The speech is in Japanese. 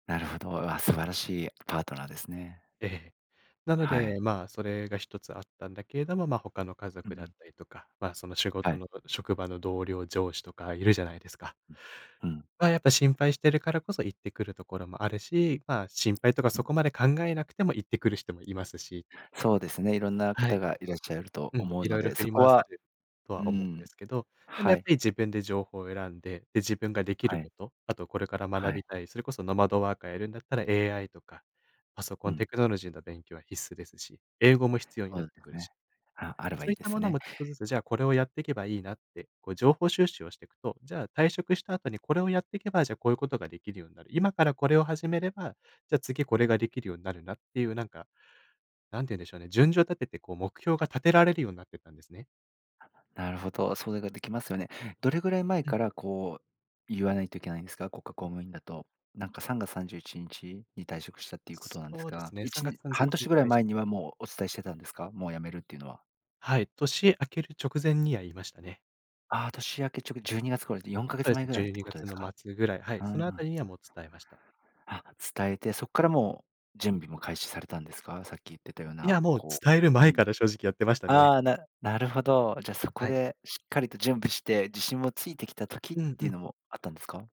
なるほど、あ、素晴らしいパートナーですね。ええ、なのはい。でまあ、それが一つあったんだけれども、ま、他の家う族んうだっん。たりとか、ま、その仕は事い。の場職場の同僚、上司とかいるじゃないですか。うん。うん。ま、やっぱ心配してるからこそ言ってくるところもあるし、ま、心配とかうそん。こまで考えなくても言ってくる人もいますし。そうですね、色んなは方い。がいらっしゃるとうん、思う色の々で、振そりこ回さは、れるとうは思うんでん、すけど、でもやはっぱい。り自分で情報を選んで、で、自分ができるはこい。と、あとこれから学はい。びたい、それこそノマドワーカーやるんだったら AI とか、パソコうン、テん。クノロジーの勉強は必須ですし、英語も必要にそなっうてですくるし。ね。あ、あれそばいういいっでたすものね。もちょっとずつ、じゃあこれをやっていけばいいなって、こう情報収集をしてくと、じゃあ、退職した後にこれをやっていけば、じゃあこういうことができるようになる。今からこれを始めれば、じゃあ次これができるようになるなっていうなんか、なんて言うんでしょうね、順序を立ててこう目標が立てられるようになってったんですね。なるほど、それができますよね。どれぐらい前うん。からこう言わないといけないんですか？国家公務員だと。なんか3月31日に退職したっていうことなんですそうですが、ね。いさんがつちさんじゅうい半ちにちに年ぐらたいいし前にはもうお伝えしてたんですか？もう辞めるっていうのは。はい、年明ける直前には言いましたね。ああ、年明けちょく12月頃、よんかげそつうでかすんねぐじらゅいっうてにこがとでつすのか？末ぐらい、はい、うんうそん。のあたりにはもう伝えました。あ、伝えてそっからもう準備も開始されたんですか？さっき言ってたよういなや、もうこ伝えるうう前ん。から正直やってましたね。ああ、ななるほど。じゃあそこはい。でしっかりと準備して自信もついてきた時っうんうていうん。のもあったんですか？